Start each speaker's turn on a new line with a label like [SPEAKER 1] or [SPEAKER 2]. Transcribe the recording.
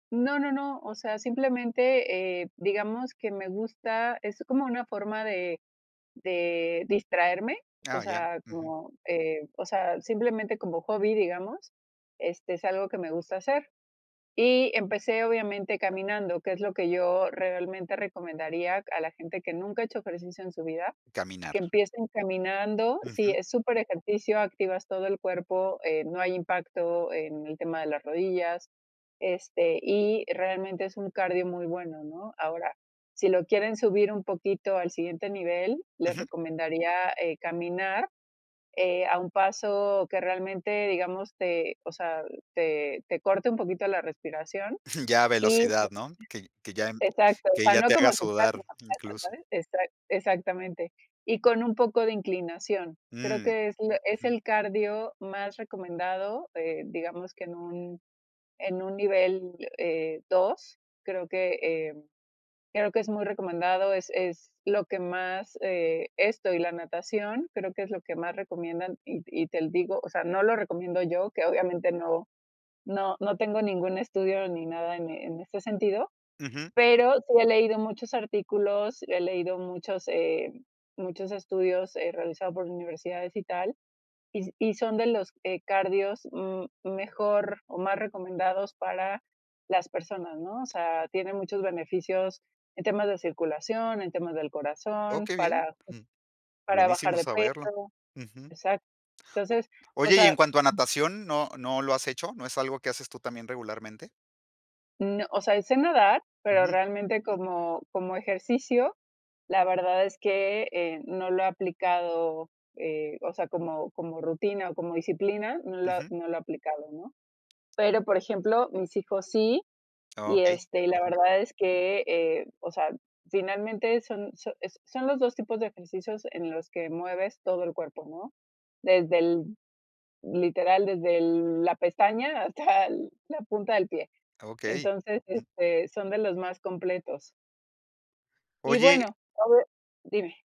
[SPEAKER 1] No, no, no, o sea, eh, simplemente digamos que me gusta, es como una forma de de distraerme, o
[SPEAKER 2] Ah ya.
[SPEAKER 1] sea,
[SPEAKER 2] Ujú.
[SPEAKER 1] como, eh, o sea, simplemente como hobby, digamos este, es algo que me gusta hacer y empecé, obviamente, caminando, que es lo que yo realmente recomendaría a la gente que nunca ha hecho ejercicio en su vida,
[SPEAKER 2] Caminar.
[SPEAKER 1] que empiecen caminando, sí
[SPEAKER 2] Ujú.
[SPEAKER 1] es super ejercicio, activas todo el cuerpo, eh, no hay impacto en el tema de las rodillas. Este, y realmente es un cardio muy bueno, ¿no? Ahora, si lo quieren subir un poquito al siguiente nivel, les
[SPEAKER 2] Ujú.
[SPEAKER 1] recomendaría, eh, caminar, eh, a un paso que realmente, digamos, te, o sea, te te corte un poquito la respiración
[SPEAKER 2] Jum, ya
[SPEAKER 1] y
[SPEAKER 2] velocidad,
[SPEAKER 1] [unintelligible]
[SPEAKER 2] ¿no? Que que ya
[SPEAKER 1] exacto, o
[SPEAKER 2] que
[SPEAKER 1] sea,
[SPEAKER 2] ya
[SPEAKER 1] no
[SPEAKER 2] te
[SPEAKER 1] como
[SPEAKER 2] haga
[SPEAKER 1] si fuera
[SPEAKER 2] sudar,
[SPEAKER 1] [unintelligible]
[SPEAKER 2] incluso.
[SPEAKER 1] ¿sabes? Exa exactamente. Y con un poco de inclinación, creo
[SPEAKER 2] Mm.
[SPEAKER 1] que es la es
[SPEAKER 2] Ujú.
[SPEAKER 1] el cardio más recomendado eh, digamos que en un en un nivel, eh, 2 creo que, eh, creo que es muy recomendado, es es lo que más, eh, esto y la natación, creo que es lo que más recomiendan y y te l digo, o sea, no lo recomiendo yo, que obviamente no no no tengo ningún estudio ni nada en en este sentido,
[SPEAKER 2] Ujú.
[SPEAKER 1] pero sí he leído muchos artículos, he leído muchos eh, muchos estudios, eh, realizados por universidades y tal, y s y son de los, eh, cardios, mm, mejor o más recomendados para las personas, ¿no? O sea, tiene muchos beneficios en temas de circulación, en temas del
[SPEAKER 2] Oh,
[SPEAKER 1] corazón,
[SPEAKER 2] que bien.
[SPEAKER 1] para
[SPEAKER 2] Ujú.
[SPEAKER 1] para bajar
[SPEAKER 2] Buenísimo
[SPEAKER 1] de
[SPEAKER 2] saberlo.
[SPEAKER 1] peso
[SPEAKER 2] Ujú.
[SPEAKER 1] exac
[SPEAKER 2] O
[SPEAKER 1] Entonces, o
[SPEAKER 2] oye, y en
[SPEAKER 1] sea
[SPEAKER 2] cuanto a natación, ¿no no lo has hecho? ¿No es algo que haces tú también regularmente?
[SPEAKER 1] No. Osea, y sé nadar, pero
[SPEAKER 2] Ujú.
[SPEAKER 1] realmente como como ejercicio, la verdad es que, eh, no lo he aplicado, eh, o sea, como como rutina o como disciplina, no lo
[SPEAKER 2] Ujú.
[SPEAKER 1] no lo he aplicado, ¿no? Pero, por ejemplo, mis hijos sí
[SPEAKER 2] Ah,
[SPEAKER 1] y,
[SPEAKER 2] okey.
[SPEAKER 1] este, y la
[SPEAKER 2] Ujú.
[SPEAKER 1] verdad es que, eh, o sea, finalmente, son so es son los 2 tipos de ejercicios en los que mueves todo el cuerpo ¿no? Desde el literal, desde el la pestaña hasta la punta del pie.
[SPEAKER 2] Ah, okey.
[SPEAKER 1] Entonces,
[SPEAKER 2] Ujú.
[SPEAKER 1] este, son de los más completos. Y
[SPEAKER 2] Oye
[SPEAKER 1] bueno a ver, dime